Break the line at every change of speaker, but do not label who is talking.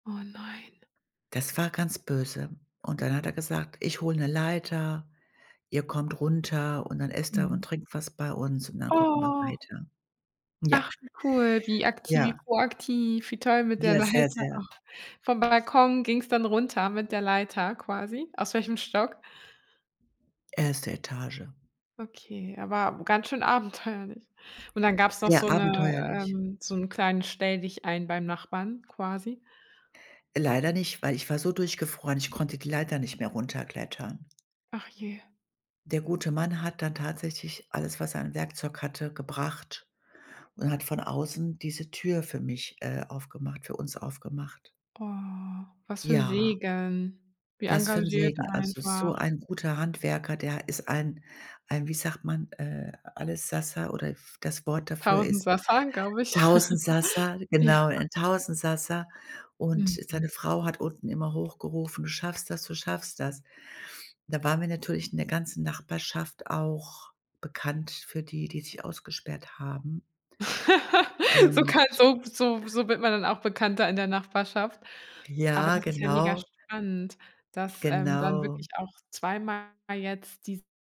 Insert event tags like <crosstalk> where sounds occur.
Oh nein.
Das war ganz böse und dann hat er gesagt: „Ich hole 'ne Leiter, ihr kommt runter und dann esst ihr
Mhm.
und trinkt was bei uns und dann gucken wir
Oh.
weiter.” Ja.
Ach, wie cool, wie akti wie
Ja.
proaktiv wie toll mit der
Ja, sehr,
Leiter.
sehr
Och, vom Balkon ging's dann runter mit der Leiter quasi aus welchem Stock?
1. Etage.
Okay, aber ganz schön abenteuerlich und dann gab's noch
Sehr
so 'ne
abenteuerlich.
ähm, so 'n kleinen Stelldichein beim Nachbarn quasi.
Leider nicht, weil ich war so durchgefroren, ich konnte die Leiter nicht mehr runterklettern.
Ach, je.
Der gute Mann hat dann tatsächlich alles, was er an Werkzeug hatte, gebracht und hat von außen diese Tür für mich äh, aufgemacht für uns aufgemacht.
Oh, was für 'n
Ja.
Segen wie
Was für 'n
engagiert
Segen, also so
einfach.
ein guter Handwerker, der ist ein ein, wie sagt man, äh, Allessassa oder f das Wort dafür ist
Tausendsassa, glaube ich. <chuckles>
Tausendsassa,
Ja.
genau, ein Tausendsassa und seine
Mhm.
Frau hat unten immer hochgerufen: „Du schaffst das, du schaffst das.“ Da waren wir natürlich in der ganzen Nachbarschaft auch bekannt für die, die sich ausgesperrt haben
<chuckles> So kann
und
so so so wird man dann auch bekannter in der Nachbarschaft, aber
Ja,
das ist ja mega
genau.
spannend, dass, ähm, dann
Genau.
wirklich auch zweimal jetzt die